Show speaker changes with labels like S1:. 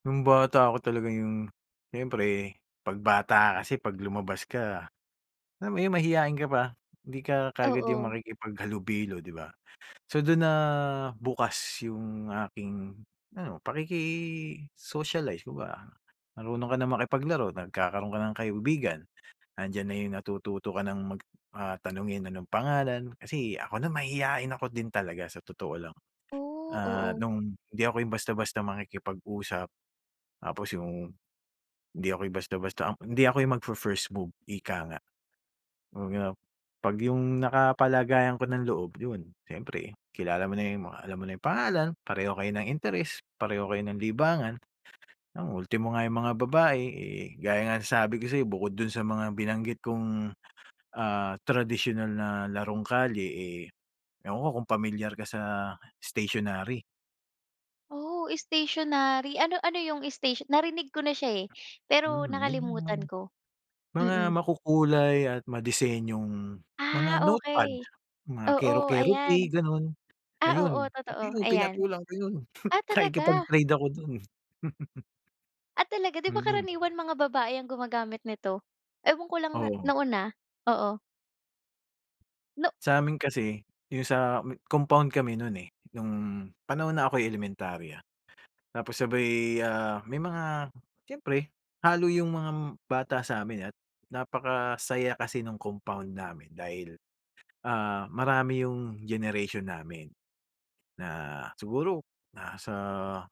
S1: Nung bata ako talaga yung siyempre 'pag bata ka kasi 'pag lumabas ka alam mo yun, mahiyain ka pa. Hindi ka kaagad yung
S2: Oo.
S1: makikipaghalubilo, di ba? So, dun nabukas yung aking ano, pakiki-socialize, kumbaga. Marunong ka ng makipaglaro, nagkakaroon ka ng kaibigan, nandiyan na yung natututo ka ng mag, ah, tanungin anong pangalan. Kasi ako na mahiyain ako din talaga sa totoo lang.
S2: Oh,
S1: Ah,
S2: oo.
S1: nung hindi ako yung basta-basta makikipag-usap tapos yung hindi ako yung basta-basta hindi ako yung magfi-first, move ika nga. 'Pag yap 'pag yung nakapalagayan ko ng loob, yun siyempre kilala mo na yung alam mo na yung pangalan, pareho kayo ng interes, pareho kayo ng libangan. 'Yan ultimo nga yung mga babae, eh, gaya nga ng sabi ko sa'yo, bukod dun sa mga binanggit kung, ah, tradisyonal na larong kalye, eh, ewan ko kung pamilyar ka sa stationary.
S2: Oh, stationary. Ano ano yung station narinig ko na siya, eh, pero
S1: Hmm, yung mga
S2: nakalimutan ko.
S1: mga
S2: Mm.
S1: makukulay at madisenyong mga
S2: Ah,
S1: notepad,
S2: okey.
S1: mga
S2: Oo,
S1: kero-Keroppi,
S2: ayan.
S1: gano'n,
S2: Ah, oo,
S1: ayun. Pati
S2: totoo,
S1: yun
S2: ayan.
S1: pinatulan ko yun,
S2: Ah, talaga.
S1: nakikipag-trade ako dun.
S2: Ah, talaga? Di ba
S1: Mm.
S2: karaniwan mga babae ang gumagamit nito? Ewan ko lang, ah,
S1: Oo.
S2: noon, ah. Oo. No
S1: Sa'min kasi yung sa compound kami nun, eh, nung panahon na ako'y elementarya. Tapos sabay, ah, may mga siyempre, halo yung mga bata sa'min at napakasaya kasi nung compound namin dahil, ah, marami yung generation namin na siguro nasa